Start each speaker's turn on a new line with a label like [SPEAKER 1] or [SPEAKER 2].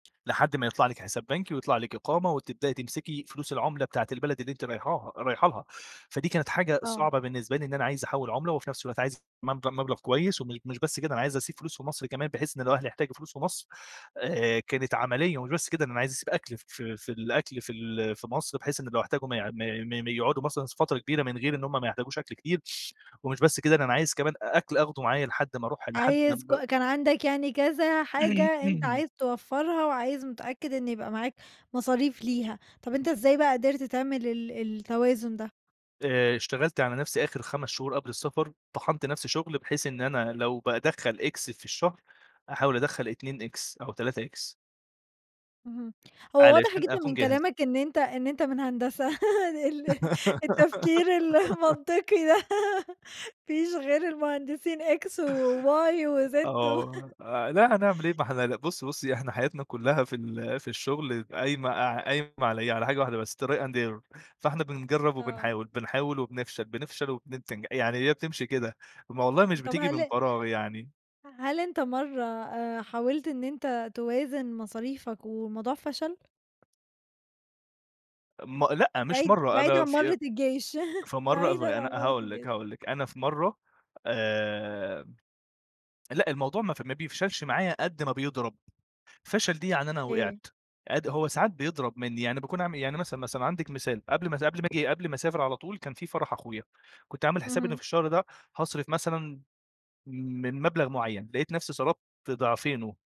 [SPEAKER 1] لحد ما يطلع لِك حساب بنكي ويطلع لِك إقامة وتبدأي تمسكي فلوس العُملة بتاعة البلد اللي أنتِ رايحاها رايحه لها، فدي كانت حاجة
[SPEAKER 2] آه.
[SPEAKER 1] صعبة بالنسبة لي إن أنا عايز أحوّل عُملة وفي نفس الوقت عايز مب مبلغ كويس وم مش بس كده، أنا عايز أسيب فلوس في مصر كمان، بحيث إن لو أهلي احتاجوا فلوس في مصر، آآ كانت عملية ومش بس كده ده أنا عايز أسيب أكل ف في في الأكل في ال في مصر، بحيث إن لو احتاجوا ما يع ما ما يقعدوا مثلًا س فترة كبيرة من غير إن هم ما يحتاجوش أكل كتير ومش بس كده، ده أنا عايز كمان أكل آخدُه معايا لحد أمّا أروح، لحد
[SPEAKER 2] عايز
[SPEAKER 1] أمّا
[SPEAKER 2] ك كان عندك يعني كذا حاجة أنت عايز توفَّرها وعايز متأكّد إن يبقى معاك مصاريف ليها. طَب أنت إزاي بقى قدرت تعمل ال ال التوازن ده؟
[SPEAKER 1] آآ اشتغلت على نَفْسي آخِر 5 شهور قبل السفر، طَحَنت نَفْسي شُغل بحيث إن أنا لو بادخّل X في الشهر، أحاول أدخّل 2 X أو 3 X.
[SPEAKER 2] اهم، هو واضح
[SPEAKER 1] علشان
[SPEAKER 2] جدًا
[SPEAKER 1] أكون
[SPEAKER 2] من
[SPEAKER 1] جاهز.
[SPEAKER 2] كلامك إن أنت إن أنت من هندسة ال التفكير المنطقي ده ما فيش غير المهندسين X وY وZ و
[SPEAKER 1] آه، آآ لا هنعمل إيه؟ ما إحنا لا بُصّي، بُصّي، إحنا حياتنا كُلّها في ال في الشُغل قايمة ع قايمة على إيه؟ على حاجة واحدة بس، try and error. فإحنا بنجرّب
[SPEAKER 2] آه.
[SPEAKER 1] وبنحاول، بنحاول وبنفشل، بنفشل وبننتج يعني هي بتمشي كده، ما والله مش
[SPEAKER 2] طَب
[SPEAKER 1] بتيجي من
[SPEAKER 2] هل
[SPEAKER 1] فراغ يعني.
[SPEAKER 2] هل أنت مرّة آآ حاولت إن أنت توازن مصاريفك والموضوع فشل؟
[SPEAKER 1] م لأ، مش
[SPEAKER 2] بعيد
[SPEAKER 1] مرّة،
[SPEAKER 2] بعيد
[SPEAKER 1] أنا
[SPEAKER 2] عن
[SPEAKER 1] في
[SPEAKER 2] مرّة الجيش،
[SPEAKER 1] في مرّة اف
[SPEAKER 2] بعيدًا
[SPEAKER 1] أنا
[SPEAKER 2] عن مرّة
[SPEAKER 1] هاقول لِك،
[SPEAKER 2] الجيش.
[SPEAKER 1] هاقول لِك. أنا في مرّة آآ لأ، الموضوع ما ف ما بيفشلش معايا قد ما بيضرب. فشل دي يعني أنا
[SPEAKER 2] أوكي.
[SPEAKER 1] وقعت، قد هو ساعات بيضرب منّي، يعني باكون عامل إيه؟ يعني مثلًا، مثلًا عندِك مثال، قبل ما سا قبل ما آجي قبل ما أسافر على طول كان فيه فرح أخويا، كنت عامل حسابي إن
[SPEAKER 2] اهم.
[SPEAKER 1] في الشهر ده هاصرف مثلًا من مبلغ معيّن، لقيت نَفْسي صرفت ضِعفينه.